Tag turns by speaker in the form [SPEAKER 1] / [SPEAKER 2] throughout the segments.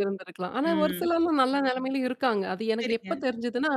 [SPEAKER 1] இருந்திருக்கலாம். ஆனா ஒரு
[SPEAKER 2] ம்.
[SPEAKER 1] சிலர்லாம் நல்ல நிலைமையிலயும் இருக்காங்க. அது எனக்கு எப்ப
[SPEAKER 2] சேரிங்க.
[SPEAKER 1] தெரிஞ்சுதுன்னா?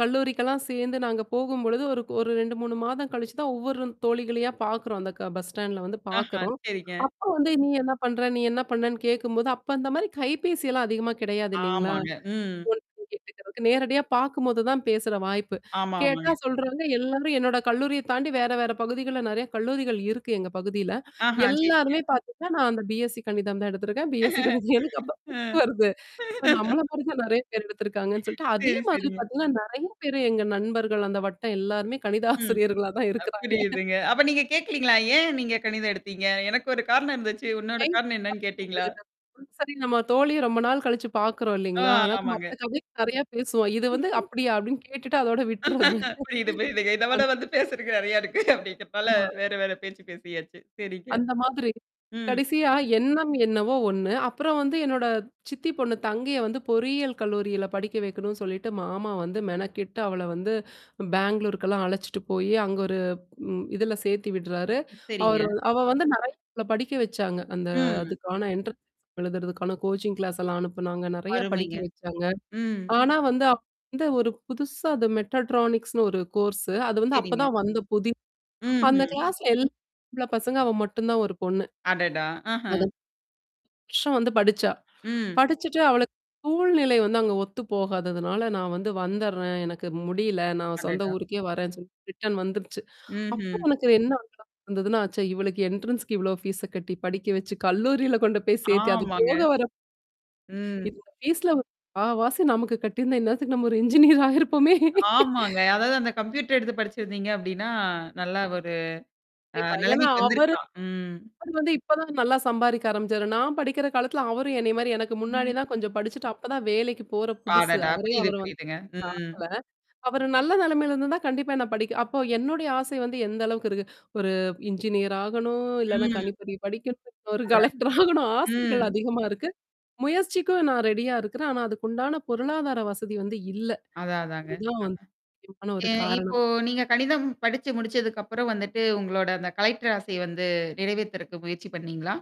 [SPEAKER 1] கல்லூரிக்கெல்லாம் சேந்து நாங்க போகும்பொழுது, ஒரு ஒரு 2, 3 மாதம் கழிச்சு தான் ஒவ்வொரு தோழிகளையா பாக்குறோம். அந்த க பஸ் ஸ்டாண்ட்ல வந்து
[SPEAKER 2] ஆஹா.
[SPEAKER 1] பாக்குறோம்.
[SPEAKER 2] சேரிங்க.
[SPEAKER 1] அப்ப வந்து நீ என்னா பண்ற? நீ என்னா பண்ணன்னு கேக்கும்போது, அப்ப அந்த மாரி கைபேசியெல்லாம் அதிகமா கிடையாது இல்லலைங்களா?
[SPEAKER 2] ஆமாங்க.
[SPEAKER 1] ஃபோன்
[SPEAKER 2] ம்.
[SPEAKER 1] பண்ணீ கேட்டுக்கதுக்கு. நேரடியா பாக்கும்போது தான் பேசுற வாய்ப்பு.
[SPEAKER 2] ஆமா,
[SPEAKER 1] கேட்டா,
[SPEAKER 2] ஆமாங்க.
[SPEAKER 1] சொல்றாங்க, எல்லாரும் என்னோட கல்லூரிய தாண்டி வேற, வேற பகுதிகள்ல நிறையா கல்லூரிகள் இருக்கு எங்க பகுதியில.
[SPEAKER 2] ஆஹா சேரிங்க.
[SPEAKER 1] எல்லாருமே பாத்தீங்கன்னா, நான் அந்த B-SC கணிதம் தான் எடுத்திருக்கேன். B-SC கணிதம் எடுத்தப்ப [unintelligible]
[SPEAKER 2] ஆ.
[SPEAKER 1] வருது. இப்ப நம்மள போல தான் நிறையா பேர் எடுத்திருக்காங்கன்னு சொல்லிட்டு, அதே
[SPEAKER 2] சேரி,
[SPEAKER 1] மாதிரி
[SPEAKER 2] சேரிங்க.
[SPEAKER 1] பாத்தீங்கன்னா, நிறையா பேரு எங்க நண்பர்கள், அந்த வட்டம் எல்லாருமே கணித
[SPEAKER 2] ம்.
[SPEAKER 1] ஆசிரியர்களா தான்
[SPEAKER 2] அ
[SPEAKER 1] இருக்கறாங்க.
[SPEAKER 2] புரியுதுங்க. அப்ப நீங்க கேட்கலீங்களா? ஏன் நீங்க கணிதம் எடுத்தீங்க? எனக்கு ஒரு காரணம் இருந்துச்சு, உன்னோட காரணம் என்னான்னு கேட்டீங்களா?
[SPEAKER 1] [unintelligible] சரி நம்ம தோழிய ரொம்ப நாள் கழிச்சு பாக்குறோம்
[SPEAKER 2] ஆ,
[SPEAKER 1] இல்லலைங்களா? அதனால
[SPEAKER 2] ஆமாங்க.
[SPEAKER 1] மத்த கதைகள் நிறையா பேசுவோம். இது வந்து அப்படியா? அப்படின்னு கேட்டுட்டு அதோட விட்டுறது.
[SPEAKER 2] புரியுது, புரியுதுங்க. இத விட
[SPEAKER 1] அந்
[SPEAKER 2] வந்து பேசுறக்கு நிறையா இருக்கு அப்டிங்கறதால
[SPEAKER 1] ஆமா.
[SPEAKER 2] வேற, வேற பேச்சு பேசியாச்சு. சேரிங்க.
[SPEAKER 1] அந்த மாதிரி.
[SPEAKER 2] ம்.
[SPEAKER 1] கடைசியா, எண்ணம் என்னவோ ஒண்ணு. அப்புறம் வந்து என்னோட சித்தி பொண்ணு, தங்கைய வந்து பொறியியல் கல்லூரியில படிக்க வைக்கணும்னு சொல்லிட்டு மாமா வந்து மெனக்கிட்டு அவள வந்து பெங்களூருக்கெல்லாம் அழைச்சுட்டு போயி அங்க ஒரு, ம். இதுல சேத்தி விடுறாரு. அவரு
[SPEAKER 2] சேரிங்க.
[SPEAKER 1] வ அவ வந்து நிற [unintelligible] படிக்க வச்சாங்க. அந்த
[SPEAKER 2] ம்.
[SPEAKER 1] அதுக்கான என்ட்ரன்ஸ் எக்ஸாம். எழுதுறதுக்கான கோச்சிங் கிளாஸ் எல்லாம் அனுப்புனாங்க. நிறையா படிக்க
[SPEAKER 2] அருமைங்க.
[SPEAKER 1] வச்சாங்க.
[SPEAKER 2] ம்.
[SPEAKER 1] ஆனா வந்து அவ வந்து ஒரு புதுசா அது மெட்டட்ரானிக்ஸ்னு ஒரு கோர்ஸ்ஸு. அது வந்து
[SPEAKER 2] சேரிங்க.
[SPEAKER 1] அப்பதான் வந்த புதி அந்த
[SPEAKER 2] ம்ஹ்ம்.
[SPEAKER 1] கிளாஸ்ல எல்லாம் ஆம்பள பசங்க, அவ மட்டும் தான் ஒரு பொண்ணு.
[SPEAKER 2] அடடா! ஆஹ.
[SPEAKER 1] அதுப் வருஷம் வந்து படிச்சா.
[SPEAKER 2] ம்.
[SPEAKER 1] படிச்சுட்டு அவளுக்கு. சூழ்நிலை வந்து அங்க ஒத்து போகாததுனால, நான் வந்து வந்துர்றேன். எனக்கு முடியல. நான் சொந்த
[SPEAKER 2] அடடா!
[SPEAKER 1] ஊருக்கே வரேன்னு சொல்லிட்டு ரிட்டர்ன் வந்துருச்சு. அப்ப
[SPEAKER 2] ம்ஹ்ம்.
[SPEAKER 1] உனக்கு என்னா [unintelligible] வந்ததுன்னா, ச்சா இவளுக்கு என்ட்ரன்ஸ்க்கு இவ்வளோ ஃபீஸா கட்டி படிக்க வச்சு, கல்லூரியில கொண்டு போய் சேத்தி அது
[SPEAKER 2] ஆமாங்க.
[SPEAKER 1] போக வர
[SPEAKER 2] ம்.
[SPEAKER 1] இதோட ஃபீஸ்ல ஒரு முக்காவாசி நமக்கு கட்டியிருந்தா, இந்நேரத்துக்கு நம்ம ஒரு இன்ஜினியர் ஆயிருப்போமே!
[SPEAKER 2] ஆமாங்க. அதாவது அந்த கம்ப்யூட்டர் எடுத்து படிச்சிருந்தீங்க அப்டின்னா, நல்லா ஒரு அ
[SPEAKER 1] கண்டிப்பா. ஏன்னா
[SPEAKER 2] நெலமைக்கு
[SPEAKER 1] அவரு
[SPEAKER 2] வந்திருக்கலாம். ம்.
[SPEAKER 1] அவரு வந்து இப்ப தான் நல்லா சம்பாரிக்க ஆரம்பிச்சாரு. நான் படிக்கிற காலத்தில அவரும் என்னய மாரி, எனக்கு முன்னாடி தான் கொஞ்சம் படிச்சுட்டு அப்ப தான் வேலைக்கு போற புதுசு.
[SPEAKER 2] அடடா!
[SPEAKER 1] அவரே,
[SPEAKER 2] புரியுது,
[SPEAKER 1] அவர வந்து.
[SPEAKER 2] புரியுதுங்க. ம்.
[SPEAKER 1] பாக்கல. அவரு நல்ல நிலமையில இருந்திருந்தா, கண்டிப்பா என்ன படிக்க அப்ப என்னுடைய ஆசை வந்து எந்த அளவுக்கு இருக்கு? ஒரு இன்ஜினியர் ஆகணும், இல்லன்னா
[SPEAKER 2] ம்.
[SPEAKER 1] கணிப்பொறி படிக்கணும் ஒரு
[SPEAKER 2] ஆதா,
[SPEAKER 1] கலெக்டர் ஆகணும்,
[SPEAKER 2] ம்.
[SPEAKER 1] ஆசைகள் அதிகமா இருக்கு. முயற்சிக்கும் நான் ரெடியா இருக்கிறேன். ஆனா அதுக்குண்டான பொருளாதார வசதி வந்து இல்ல.
[SPEAKER 2] அதான், அதாங்க அ.
[SPEAKER 1] இதுவும் வந்து ஒரு முக்கியமான
[SPEAKER 2] எ
[SPEAKER 1] ஒரு
[SPEAKER 2] இப்போ
[SPEAKER 1] காரணம்.
[SPEAKER 2] நீங்க கணிதம் படிச்சு முடிச்சதுக்கப்புறம் வந்துட்டு உங்களோட அந்த கலெக்டர் ஆசைய வந்து நிறைவேத்துறக்கு முயற்சி பண்ணீங்களா?